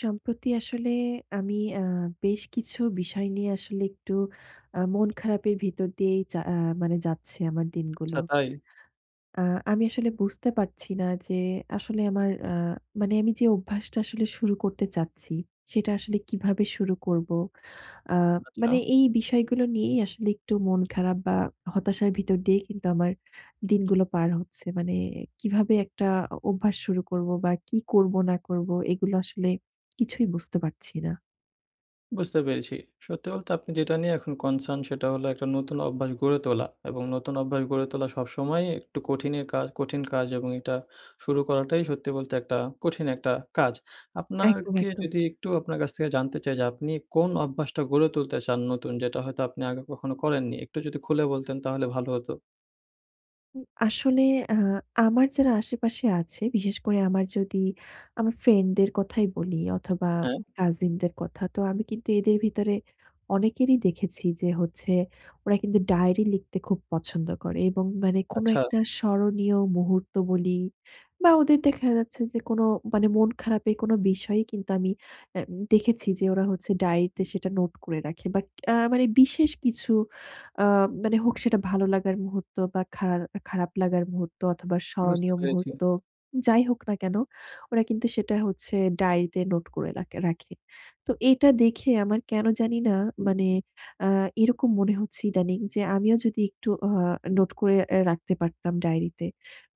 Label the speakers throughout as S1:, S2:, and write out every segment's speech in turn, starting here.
S1: সম্প্রতি আসলে আমি আ বেশ কিছু বিষয় নিয়ে আসলে একটু আ মন খারাপের ভিতর দিয়েই যা আ মানে যাচ্ছে আমার দিনগুলো।
S2: আচ্ছা, তাই?
S1: আ আমি আসলে বুঝতে পারছি না যে, আসলে আমার আ মানে আমি যে অভ্যাসটা আসলে শুরু করতে চাচ্ছি, সেটা আসলে কিভাবে শুরু করবো। আ
S2: আচ্ছা?
S1: মানে এই বিষয়গুলো নিয়েই আসলে একটু মন খারাপ বা হতাশার ভিতর দিয়ে কিন্তু আমার দিনগুলো পার হচ্ছে। মানে কিভাবে একটা অ অভ্যাস শুরু করবো? বা কি করবো না করবো? এগুলো আসলে কিছুই বুঝতে পারছি না।
S2: বুঝতে পেরেছি। সত্যি বলতে আপনি যেটা নিয়ে এখন concern সেটা হল, একটা নতুন অভ্যাস গড়ে তোলা। এবং নতুন অভ্যাস গড়ে তোলা সবসময়ই একটু কঠিনে কাজ কঠিন কাজ এবং এটা শুরু করাটাই সত্যি বলতে একটা কঠিন একটা কাজ। আপনার
S1: একদম,
S2: কে
S1: একদম।
S2: যদি একটু আপনার কাছ থেকে জানতে চাই যে, আপনি কোন অভ্যাসটা গড়ে তুলতে চান নতুন, যেটা হয়তো আপনি আগে কখনো করেননি? একটু যদি খুলে বলতেন তাহলে ভালো হতো।
S1: হুম, আসলে আ আমার যারা আশেপাশে আছে, বিশেষ করে আমার যদি আমার friend দের কথাই বলি অথবা
S2: হ্যাঁ।
S1: cousin দের কথা। তো, আমি কিন্তু এদের ভিতরে অনেকেরই দেখেছি যে, হচ্ছে ওরা কিন্তু ডায়েরি লিখতে খুব পছন্দ করে এবং মানে কোনো
S2: আচ্ছা।
S1: একটা স্মরণীয় মুহূর্ত বলি বা ওদের দেখা যাচ্ছে যে, কোনো মানে মন খারাপের কোনো বিষয়ই কিন্তু আমি অ্যা দেখেছি যে, ওরা হচ্ছে ডায়েরি তে সেটা নোট করে রাখে। বাট আ মানে বিশেষ কিছু আ মানে হোক সেটা ভালো লাগার মুহূর্ত বা খার খারাপ লাগার মুহূর্ত অথবা
S2: বুঝতে
S1: স্মরণীয়
S2: পেরেছি।
S1: মুহূর্ত, যাই হোক না কেন, ওরা কিন্তু সেটা হচ্ছে ডায়েরিতে নোট করে রাকে রাখে। তো এইটা দেখে আমার কেন জানি না মানে আ এরকম মনে হচ্ছে ইদানিং যে, আমিও যদি একটু অ নোট করে অ্যা রাখতে পারতাম ডায়েরিতে।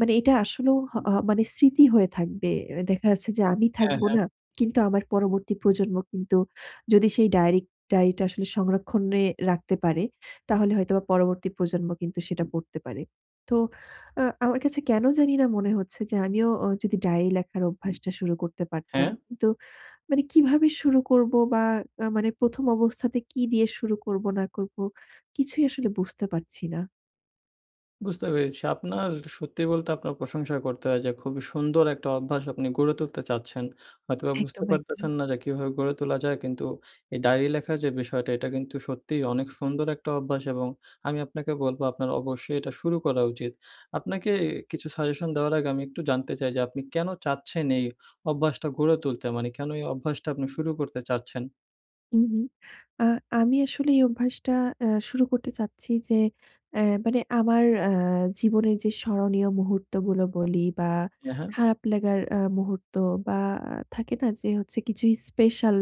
S1: মানে এটা আসলেও হহ মানে স্মৃতি হয়ে থাকবে। দেখা যাচ্ছে যে, আমি
S2: হ্যাঁ,
S1: থাকব
S2: হ্যাঁ।
S1: না, কিন্তু আমার পরবর্তী প্রজন্ম কিন্তু যদি সেই ডায়েরিক ডায়েরিটা আসলে সংরক্ষণে রাখতে পারে, তাহলে হয়তো বা পরবর্তী প্রজন্ম কিন্তু সেটা পড়তে পারে। তো, আ আমার কাছে কেন জানিনা মনে হচ্ছে যে, আমিও ও যদি ডায়রি লেখার অভ্যাসটা শুরু করতে পারতাম,
S2: হ্যাঁ।
S1: তো, মানে কিভাবে শুরু করবো বা আ মানে ১ম অবস্থাতে কি দিয়ে শুরু করবো না করবো, কিছুই আসলে বুঝতে পারছি না।
S2: বুঝতে পেরেছি আপনার সত্যি বলতে আপনার প্রশংসা করতে হয়। যে খুবই সুন্দর একটা অভ্যাস আপনি গড়ে তুলতে চাচ্ছেন। হয়তোবা বুঝতে
S1: একদম, একদম।
S2: পারতেছেন না যে, কীভাবে গড়ে তোলা যায়? কিন্তু এ ডায়রি লেখার যে বিষয়টা এটা কিন্তু সত্যিই অনেক সুন্দর একটা অভ্যাস। এবং আমি আপনাকে বলবো আপনার অবশ্যই এটা শুরু করা উচিত। আপনাকে এ কিছু সাজেশন দেওয়ার আগে আমি একটু জানতে চাই যে আপনি কেনো চাচ্ছেন এই অভ্যাসটা গড়ে তুলতে? মানে কেনো এই অভ্যাসটা আপনি শুরু করতে চাচ্ছেন?
S1: হুম, হুম। আ আমি আসলে এই অভ্যাসটা অ্যা শুরু করতে চাচ্ছি যে এ মানে আমার আ জীবনের যে স্মরণীয় মুহূর্তগুলো বলি বা
S2: এ হ্যাঁ।
S1: খারাপ লাগার আ মুহূর্ত বা আ থাকে না যে হচ্ছে কিছুই স্পেশাল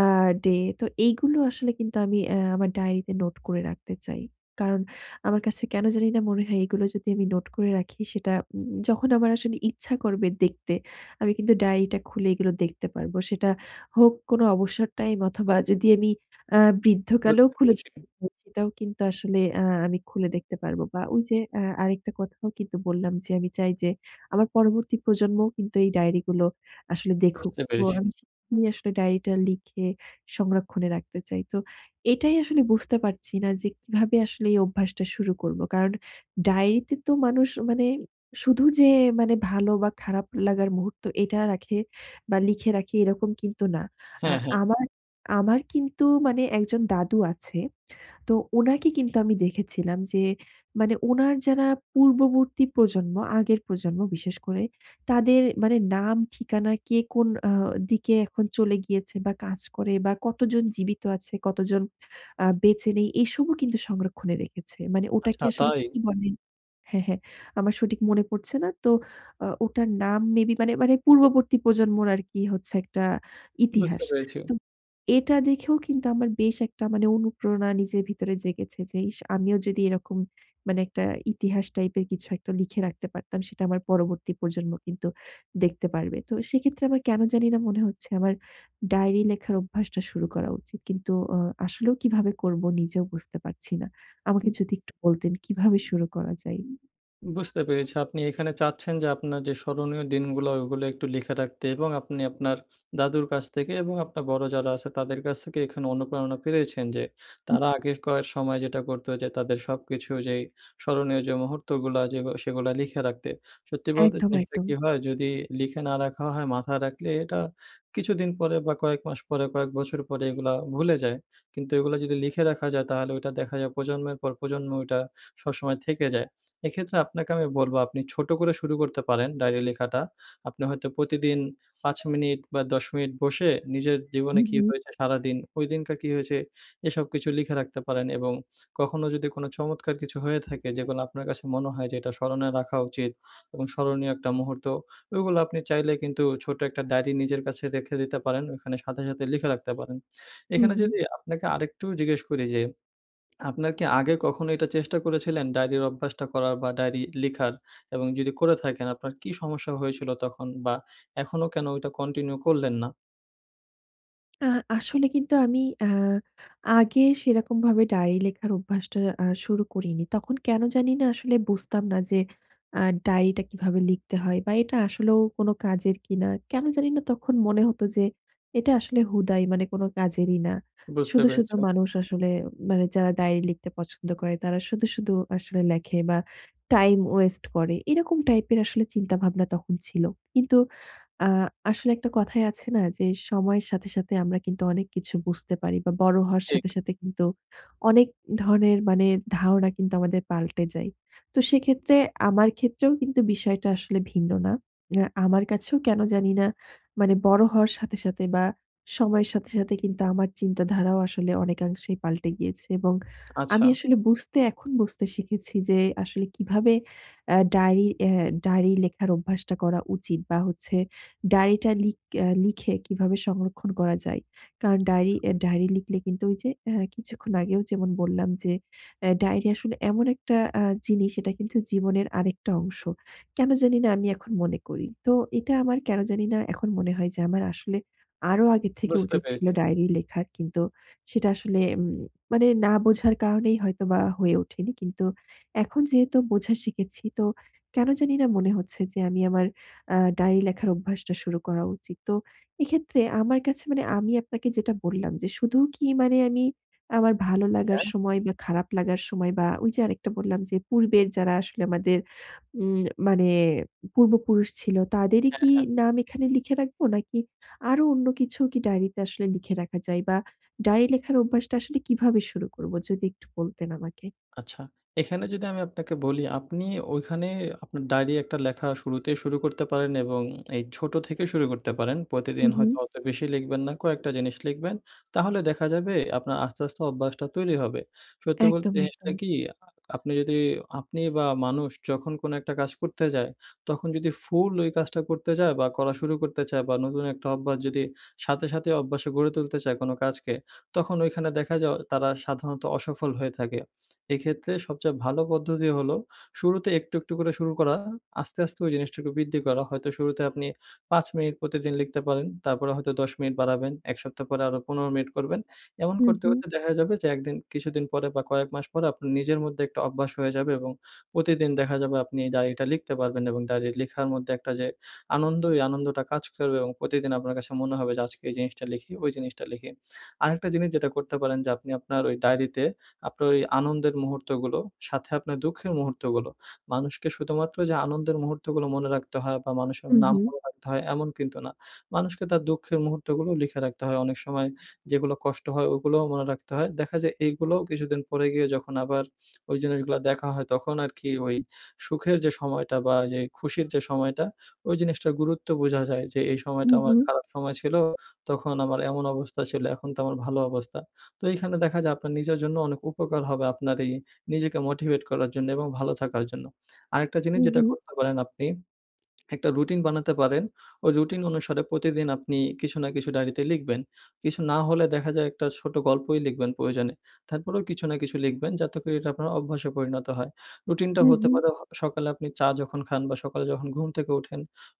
S1: আ ডে তো এইগুলো আসলে কিন্তু আমি এ আমার ডায়েরিতে নোট করে রাখতে চাই। কারণ আমার কাছে কেনো জানি না মনে হয় এগুলো যদি আমি নোট করে রাখি সেটা উম উম যখন আমার আসলে ইচ্ছা করবে দেখতে আমি কিন্তু ডায়েরিটা খুলে এগুলো দেখতে পারবো। সেটা হোক কোনো অবসর টাইম অথবা যদি আমি আ বৃদ্ধকালেও
S2: বুঝতে
S1: খুলে
S2: পেরেছি।
S1: [unintelligible] সেটাও কিন্তু আসলে আ আমি খুলে দেখতে পারবো বা ওইযে আ আরেকটা কথাও কিন্তু বললাম যে আমি চাই যে আমার পরবর্তী প্রজন্মও কিন্তু এই ডায়েরি গুলো আসলে দেখুক।
S2: বুঝতে
S1: তো
S2: পেরেছি।
S1: আমি [unintelligible] আসলে ডায়েরিটা লিখে সংরক্ষণে রাখতে চাই। তো এটাই আসলে বুঝতে পারছি না যে কীভাবে আসলে এই অভ্যাসটা শুরু করবো? কারণ ডায়েরিতে তো মানুষ মানে শুধু যে মানে ভালো বা খারাপ লাগার মুহূর্ত এটা রাখে বা লিখে রাখে এরকম কিন্তু না। আ
S2: হ্যাঁ, হ্যাঁ।
S1: আমার, আমার কিন্তু মানে একজন দাদু আছে। তো ওনাকে কিন্তু আমি দেখেছিলাম যে মানে উনার যারা পূর্ববর্তী প্রজন্ম, আগের প্রজন্ম বিশেষ করে তাদের মানে নাম ঠিকানা কে, কোন অ্যা দিকে এখন চলে গিয়েছে বা কাজ করে বা কতজন জীবিত আছে, কতজন আ বেঁচে নেই এসবও কিন্তু সংরক্ষণে রেখেছে। মানে ওটাকে
S2: আচ্ছা
S1: আসলে
S2: তাই?
S1: কী বলে? হ্যাঁ, হ্যাঁ আমার সঠিক মনে পড়ছে না। তো অ ওটার নাম মেবি মানে, মানে পূর্ববর্তী প্রজন্মর আরকি হচ্ছে একটা
S2: বুঝতে
S1: ইতিহাস।
S2: পেরেছি।
S1: তো এটা দেখেও কিন্তু আমার বেশ একটা মানে অনুপ্রেরণা নিজের ভিতরে জেগেছে যে ইস, আমিও যদি এরকম মানে একটা ইতিহাস টাইপের কিছু একটা লিখে রাখতে পারতাম। সেটা আমার পরবর্তী প্রজন্ম কিন্তু দেখতে পারবে। তো সেক্ষেত্রে আমার কেনো জানিনা মনে হচ্ছে, আমার ডায়রি লেখার অভ্যাসটা শুরু করা উচিত। কিন্তু অ আসলেও কীভাবে করবো? নিজেও বুঝতে পারছি না। আমাকে
S2: হুম।
S1: যদি একটু বলতেন কীভাবে শুরু করা যায়?
S2: বুঝতে পেরেছি, আপনি এখানে চাচ্ছেন যে আপনার যে স্মরণীয় দিনগুলো ওগুলো একটু লিখে রাখতে এবং আপনি আপনার দাদুর কাছ থেকে এবং আপনার বড়ো যারা আছে তাদের কাছ থেকে এখানে অনুপ্রেরণা পেয়েছেন যে,
S1: হুম।
S2: তারা আগের কয়ে সময় যেটা করত যে তাদের সবকিছু যেই স্মরণীয় যে মুহূর্তগুলো যেগু সেগুলো লিখে রাখতে। সত্যি বলতে
S1: একদম,
S2: জিনিসটা কী
S1: একদম।
S2: হয়? যদি লিখে না রাখা হয় মাথায় রাখলে এটা কিছুদিন পরে বা কয়েক মাস পরে, কয়েক বছর পরে এগুলা ভুলে যায়, কিন্তু এগুলা যদি লিখে রাখা যায় তাহলে ওইটা দেখা যায় প্রজন্মের পর প্রজন্ম ওইটা সবসময় থেকে যায়। এক্ষেত্রে আপনাকে আমি বলব আপনি ছোট করে শুরু করতে পারেন ডায়রি লেখাটা। আপনি হয়তো প্রতিদিন ৫ মিনিট বা ১০ মিনিট বসে নিজের জীবনে
S1: হুম,
S2: কী
S1: হুম।
S2: হয়েছে? সারাদিন ঐদিনকার কী হয়েছে? এসব কিছু লিখে রাখতে পারেন এবং কখনো যদি কোন চমৎকার কিছু হয়ে থাকে যেগুলা আপনার কাছে মনে হয় যে এটা স্মরণে রাখা উচিত এবং স্মরণীয় একটা মুহূর্ত ওইগুলা আপনি চাইলে কিন্তু ছোট্ট একটা ডায়রি নিজের কাছে রেখে দিতে পারেন ওখানে সাথে, সাথে লিখে রাখতে পারেন।
S1: হুম,
S2: এখানে
S1: হুম।
S2: যদি আপনাকে আরেকটু জিজ্ঞেস করি যে আপনার কী আগে কখনো এটা চেষ্টা করেছিলেন ডায়রির অভ্যাসটা করার বা ডায়রি লিখার? এবং যদি করে থাকেন আপনার কী সমস্যা হয়েছিল তখন বা এখনো কেন ওটা continue করলেন না?
S1: আ আসলে কিন্তু আমি আ আগে সেরকম ভাবে ডায়েরি লেখার অভ্যাসটা আ শুরু করিনি। তখন কেন জানিনা আসলে বুঝতাম না যে, আ ডায়েরিটা কিভাবে লিখতে হয় বা এটা আসলেও কোনো কাজের কিনা। কেন জানিনা তখন মনে হতো যে এটা আসলে হুদাই মানে কোনো কাজেরই না।
S2: বুঝতে
S1: শুধু, শুধু
S2: পেরেছি।
S1: মানুষ আসলে মানে যারা ডায়রি লিখতে পছন্দ করে তারা শুধু, শুধু আসলে লেখে বা টাইম ওয়েস্ট করে। এরকম টাইপের আসলে চিন্তা ভাবনা তখন ছিল। কিন্তু আ আসলে একটা কথাই আছে না যে সময়ের সাথে, সাথে আমরা কিন্তু অনেক কিছু বুঝতে পারি বা বড় হওয়ার
S2: ঠিক।
S1: সাথে, সাথে কিন্তু অনেক ধরনের মানে ধারণা কিন্তু আমাদের পাল্টে যায়। তো সেক্ষেত্রে আমার ক্ষেত্রেও কিন্তু বিষয়টা আসলে ভিন্ন না। উম আ আমার কাছেও কেন জানি না মানে বড় হওয়ার সাথে, সাথে বা সময়ের সাথে, সাথে কিন্তু আমার চিন্তাধারাও আসলে অনেকাংশেই পাল্টে গিয়েছে। এবং
S2: আচ্ছা।
S1: আমি আসলে বুঝতে, এখন বুঝতে শিখেছি যে আসলে কিভাবে আ ডায়েরি অ্যা ডায়েরি লেখার অভ্যাসটা করা উচিত বা হচ্ছে ডায়েরিটা লিক অ্যা লিখে কিভাবে সংরক্ষণ করা যায়। কারণ ডায়েরি
S2: আচ্ছা।
S1: অ্যা ডায়েরি লিখলে কিন্তু ওই যে আ কিছুক্ষণ আগেও যেমন বললাম যে আ ডায়েরি আসলে এমন একটা আ জিনিস এটা কিন্তু জীবনের আরেকটা অংশ। কেন জানি না আমি এখন মনে করি। তো এটা আমার কেন জানি না এখন মনে হয় যে আমার আসলে আরও আগে থেকে
S2: বুঝতে
S1: উচিত ছিল,
S2: পেরেছি।
S1: ডায়েরি লেখা কিন্তু সেটা আসলে উম মানে না বোঝার কারণেই হয়তোবা হয়ে ওঠেনি। কিন্তু এখন যেহেতু বোঝা শিখেছি, তো কেন জানিনা মনে হচ্ছে যে আমি আমার আ ডায়েরি লেখার অভ্যাসটা শুরু করা উচিত। তো এক্ষেত্রে আমার কাছে মানে আমি আপনাকে যেটা বললাম যে শুধু কি মানে আমি আমার ভালো লাগার
S2: হ্যাঁ।
S1: সময় বা খারাপ লাগার সময় বা ওই যে আরেকটা বললাম যে পূর্বের যারা আসলে আমাদের উম মানে পূর্বপুরুষ ছিল তাদেরই
S2: হ্যাঁ,
S1: কি
S2: হ্যাঁ।
S1: নাম এখানে লিখে রাখব? নাকি আরো অন্য কিছু কি ডায়েরিতে আসলে লিখে রাখা যায়? বা ডায়রি লেখার অভ্যাসটা আসলে কিভাবে শুরু করব? যদি একটু বলতেন আমাকে?
S2: আচ্ছা, এখানে যদি আমি আপনাকে বলি আপনি ওইখানে আপনার ডায়েরি একটা লেখা শুরুতেই শুরু করতে পারেন এবং এই ছোট থেকেও শুরু করতে পারেন।
S1: হু,
S2: প্রতিদিন হয়তো
S1: হু।
S2: অত বেশি লিখবেন না। কয়েকটা জিনিস লিখবেন। তাহলে দেখা যাবে আপনার আস্তে, আস্তে অভ্যাসটা তৈরি হবে। সত্যি বলতে
S1: একদম,
S2: জিনিসটা
S1: একদম।
S2: কি আ আপনি যদি আপনি বা মানুষ যখন কোন একটা কাজ করতে যায় তখন যদি ফুল ওই কাজটা করতে যায় বা করা শুরু করতে চায় বা নতুন একটা অভ্যাস যদি সাথে, সাথে অভ্যাসে গড়ে তুলতে চায়, কোন কাজকে তখন ঐখানে দেখা যায় অ তারা সাধারণত অসফল হয়ে থাকে। এক্ষেত্রে সবচেয়ে ভালো পদ্ধতি হলো শুরুতে একটু, একটু করে শুরু করা, আস্তে, আস্তে ওই জিনিসটুকু বৃদ্ধি করা। হয়তো শুরুতে আপনি ৫ মিনিট প্রতিদিন লিখতে পারেন। তারপরে হয়তো ১০ মিনিট বাড়াবেন, ১ সপ্তাহ পরে আরো ১৫ মিনিট করবেন। এমন
S1: হু,
S2: করতে,
S1: হু।
S2: করতে দেখা যাবে যে ১ দিন কিছুদিন পরে বা কয়েক মাস পরে আপনার নিজের মধ্যে একটা অভ্যাস হয়ে যাবে এবং প্রতিদিন দেখা যাবে আপনি এই ডায়েরিটা লিখতে পারবেন এবং ডায়েরি লেখার মধ্যে একটা যে আনন্দ ওই আনন্দটা কাজ করবে এবং প্রতিদিন আপনার কাছে মনে হবে যে আজকে এই জিনিসটা লিখি, ওই জিনিসটা লিখি। আরেকটা জিনিস যেটা করতে পারেন যে আপনি আপনার ওই ডায়রিতে আপনার ওই আনন্দের মুহূর্তগুলো, সাথে আপনার দুঃখের মুহূর্তগুলো। মানুষকে শুধুমাত্র যে আনন্দের মুহূর্তগুলো মনে রাখতে হয় বা মানুষের
S1: হু,
S2: নাম
S1: হু।
S2: মনে রাখতে হয় এমন কিন্তু না। মানুষকে তার দুঃখের মুহূর্তগুলো লিখে রাখতে হয় অনেক সময় যেগুলো কষ্ট হয় ওগুলোও মনে রাখতে হয়। দেখা যায় এগুলোও কিছুদিন পরে গিয়ে যখন আবার ওই জিনিসগুলো দেখা হয় তখন আরকি ওই সুখের যে সময়টা বা যে খুশির যে সময়টা ওই জিনিসটার গুরুত্ব বোঝা যায় যে, "এই
S1: হু,
S2: সময়টা আমার
S1: হু।
S2: খারাপ সময় ছিল তখন আমার এমন অবস্থা ছিল এখন তো আমার ভালো অবস্থা।" তো এইখানে দেখা যায় আপনার নিজের জন্য অনেক উপকার হবে আপনার এই নিজেকে মোটিভেট করার জন্য এবং ভালো থাকার জন্য। আরেকটা জিনিস
S1: হু,
S2: যেটা
S1: হু।
S2: করতে পারেন আপনি একটা রুটিন বানাতে পারেন। ওই রুটিন অনুসারে প্রতিদিন আপনি কিছু না কিছু ডায়েরিতে লিখবেন। কিছু না হলে দেখা যায় একটা ছোট গল্পই লিখবেন প্রয়োজনে। তারপরেও কিছু না কিছু লিখবেন যাতে করে এটা আপনার অভ্যাসে পরিণত হয়। রুটিনটা
S1: হু,
S2: হতে
S1: হু।
S2: পারে হ সকালে আপনি চা যখন খান বা সকালে যখন ঘুম থেকে উঠেন,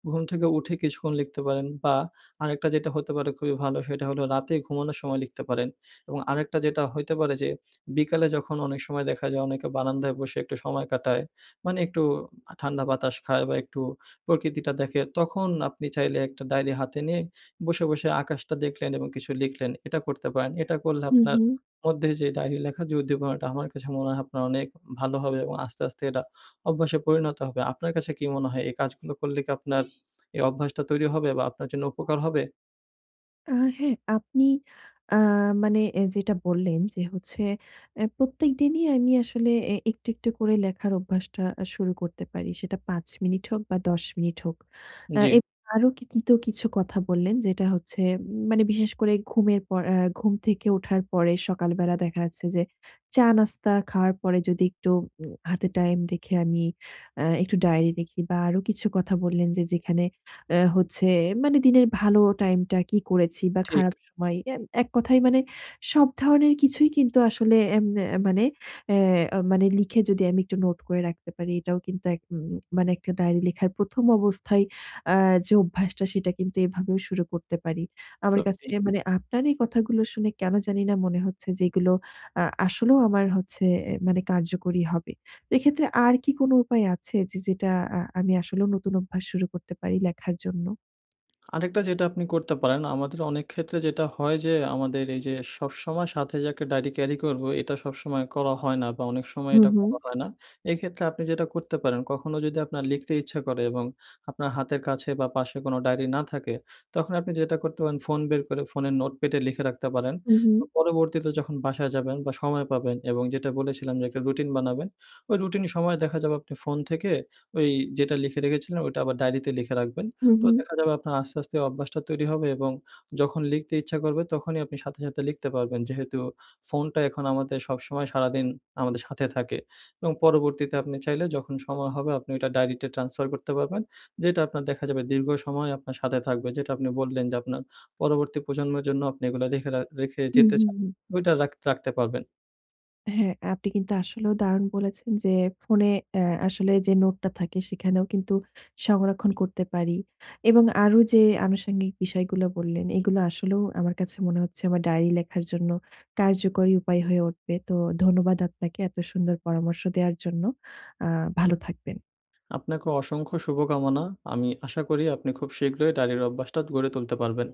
S2: ঘুম থেকে উঠে কিছুক্ষণ লিখতে পারেন বা আরেকটা যেটা হতে পারে খুবই ভালো সেটা হল রাতে ঘুমানোর সময় লিখতে পারেন। এবং আরেকটা যেটা হইতে পারে যে বিকালে যখন অনেক সময় দেখা যায় অনেকে বারান্দায় বসে একটু সময় কাটায়। মানে একটু ঠান্ডা বাতাস খায় বা একটু প্রকৃতিটা দেখে তখন আপনি চাইলে একটা ডায়েরি হাতে নিয়ে বসে, বসে আকাশটা দেখলেন এবং কিছু লিখলেন। এটা করতে পারেন। এটা করলে
S1: হু,
S2: আপনার
S1: হু।
S2: মধ্যে যে ডায়েরি লেখার যে উদ্দীপনাটা আমার কাছে মনে হয় আপনার অনেক ভালো হবে এবং আস্তে, আস্তে এটা অভ্যাসে পরিণত হবে। আপনার কাছে কি মনে হয় এই কাজগুলো করলে কি আপনার এই অভ্যাসটা তৈরি হবে? বা আপনার জন্য উপকার হবে?
S1: আ হ্যাঁ, আপনি আ মানে এ যেটা বললেন যে হচ্ছে এ প্রত্যেক দিনই আমি আসলে এ একটু, একটু করে লেখার অভ্যাসটা আ শুরু করতে পারি। সেটা ৫ মিনিট হোক বা ১০ মিনিট হোক। এ
S2: জী।
S1: এব আরো কিছু কথা বললেন যেটা হচ্ছে উম মানে বিশেষ করে ঘুমের পর আ ঘুম থেকে ওঠার পরে সকালবেলা দেখা যাচ্ছে যে চা নাস্তা খাওয়ার পরে যদি একটু উম হাতে টাইম রেখে আমি আ একটু ডায়েরি লেখি বা আরো কিছু কথা বললেন যে যেখানে আ হচ্ছে মানে দিনের ভালো টাইমটা কি করেছি বা
S2: ঠিক।
S1: খারাপ সময়। এ এক কথায় মানে সব ধরনের কিছুই কিন্তু আসলে এম এ মানে অ্যা মানে লিখে যদি আমি একটু নোট করে রাখতে পারি এটাও কিন্তু এক ম মানে একটা ডায়েরি লেখার ১ম অবস্থায় আ যে অভ্যাসটা সেটা কিন্তু এভাবেও শুরু করতে পারি। আমার
S2: সত্যি।
S1: কাছে মানে আপনার এই কথাগুলো শুনে কেন জানিনা মনে হচ্ছে যে, এগুলো আ আসলেও আমার হচ্ছে এ মানে কার্যকরী হবে। এক্ষেত্রে আর কি কোনো উপায় আছে যে যেটা আ আমি আসলে নতুন অভ্যাস শুরু করতে পারি লেখার জন্য?
S2: আরেকটা যেটা আপনি করতে পারেন, আমাদের অনেক ক্ষেত্রে যেটা হয় যে আমাদের এই যে সবসময় সাথে যে একটা ডায়রি carry করব। এটা সবসময় করা হয় না বা অনেক সময়
S1: হুম,
S2: এটা
S1: হুম।
S2: করা হয় না। এক্ষেত্রে আপনি যেটা করতে পারেন, কখনো যদি আপনার লিখতে ইচ্ছা করে এবং আপনার হাতের কাছে বা পাশে কোন ডায়রি না থাকে তখন আপনি যেটা করতে পারেন ফোন বের করে ফোনের notepad এ লিখে রাখতে পারেন।
S1: হুম,
S2: তো
S1: হুম।
S2: পরবর্তীতে যখন বাসায় যাবেন বা সময় পাবেন এবং যেটা বলেছিলাম যে একটা রুটিন বানাবেন। ওই রুটিনের সময়ে দেখা যাবে আপনি ফোন থেকে ওই যেটা লিখে রেখেছিলেন, ওইটা আবার ডায়রিতে লিখে রাখবেন।
S1: হুম,
S2: তো
S1: হুম।
S2: দেখা যাবে আপনার আস্তে, আস্তে অভ্যাসটা তৈরি হবে এবং যখন লিখতে ইচ্ছা করবে তখনই আপনি সাথে, সাথে লিখতে পারবেন। যেহেতু ফোনটা এখন আমাদের সবসময় সারাদিন আমাদের সাথে থাকে এবং পরবর্তীতে আপনি চাইলে যখন সময় হবে আপনি ওটা ডায়রিতে transfer করতে পারবেন। যেটা আপনার দেখা যাবে দীর্ঘ সময় আপনার সাথে থাকবে। যেটা আপনি বললেন, যে আপনার পরবর্তী প্রজন্মের জন্য আপনি এগুলো লেখে রাখ রেখে
S1: হুম,
S2: যেতে
S1: হুম,
S2: চান।
S1: হুম।
S2: ওইটা রাখ রাখতে পারবেন।
S1: হ্যাঁ, আপনি কিন্তু আসলেও দারুণ বলেছেন। যে ফোনে আ আসলে যে নোটটা থাকে সেখানেও কিন্তু সংরক্ষণ করতে পারি এবং আরো যে আনুষাঙ্গিক বিষয়গুলো বললেন, এগুলো আসলেও আমার কাছে মনে হচ্ছে আমার ডায়রি লেখার জন্য কার্যকরী উপায় হয়ে উঠবে। তো ধন্যবাদ আপনাকে। এত সুন্দর পরামর্শ দেওয়ার জন্য। আ ভালো থাকবেন।
S2: আপনাকে অসংখ্য শুভকামনা। আমি আশা করি, আপনি খুব শীঘ্রই ডাইরির অভ্যাসটা গড়ে তুলতে পারবেন।